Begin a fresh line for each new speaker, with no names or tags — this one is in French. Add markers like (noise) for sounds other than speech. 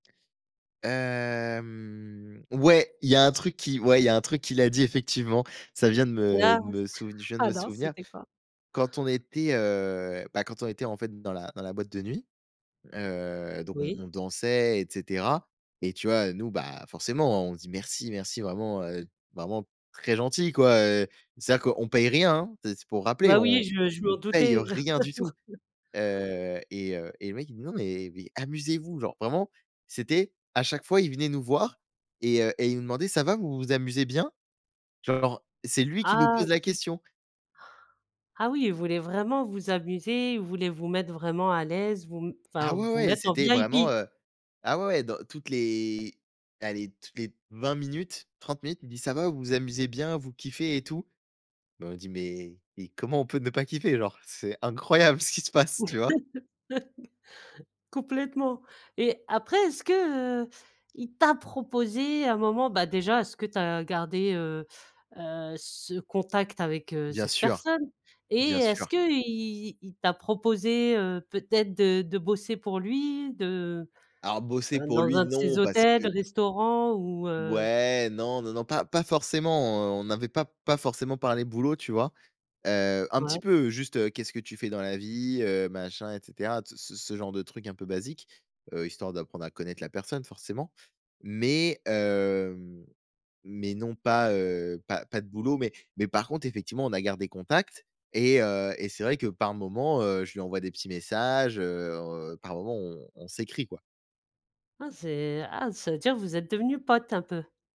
Hem, ouais, il y a un truc qui ouais, il y a un truc qu'il a dit, effectivement, ça vient de me
Ah!
de me souv je viens de me
Alors
souvenir.
c'était quoi?
Quand on était, heu, bah, quand on était, en fait, dans la dans la boîte de nuit, heu, donc on
Oui.
on dansait et cetera et tu vois, nous, bah, forcément, on dit: «Merci, merci», vraiment, heu, vraiment très gentil, quoi, heu, c'est-à-dire qu'on paye rien, hein. C'est c'est pour rappeler,
Bah
on
oui, je je
on
m'en
paye, heu,
doutais.
rien du tout.
(laughs)
Heu et heu et le mec il nous dit: «Non, mais mais amusez vous», genre vraiment, c'était à chaque fois, il venait nous voir et heu et il nous demandait: «Ça va, vous vous amusez bien?» genre c'est lui qui nous
Ah
pose la
sup
question.
Ah oui, il voulait vraiment vous amuser, il voulait vous mettre vraiment à l'aise, vous m enfin
Ah ouais,
vous
ouais et
mettre en
c'était vraiment,
VIP!
heu, ah, ouais, ouais, dans toutes les allez toutes les 20 minutes, 30 minutes, il dit: «Ça va, vous vous amusez bien? Vous kiffez et tout?» bah, on dit: «Mais mais comment on peut ne pas kiffer? Genre, c'est incroyable ce qui se passe», tu vois?
(laughs) Complètement et après, est-ce que, heu, il t'a proposé à un moment bah, déjà, est-ce que tu as gardé, heu, heu, ce contact avec, heu,
Bien
cette
sûr.
personne? Et
Bien
est-ce
sûr.
qu'il il t'a proposé, heu, peut-être de de bosser pour lui, de,
Alors bosser
heu,
pour
dans
lui
un de ses
non, parce
hôtels,
que
restaurants ou, heu?
Ouais, non, non, non, pas pas forcément, heu, on n'avait pas pas forcément parlé boulot, tu vois? Heu, un petit
Ouais.
peu juste, heu,: «Qu'est-ce que tu fais dans la vie?», heu, machin, et cetera, ce ce ce genre de trucs un peu basiques, heu, histoire d'apprendre à connaître la personne forcément mais hem, mais non pas, heu, pas pas de boulot mais mais par contre, effectivement, on a gardé contact et heu et c'est vrai que par moment, heu, je lui envoie des petits messages, heu, par moment, on on s'écrit, quoi.
Ah c'est ah ça veut dire vous êtes devenus potes un peu?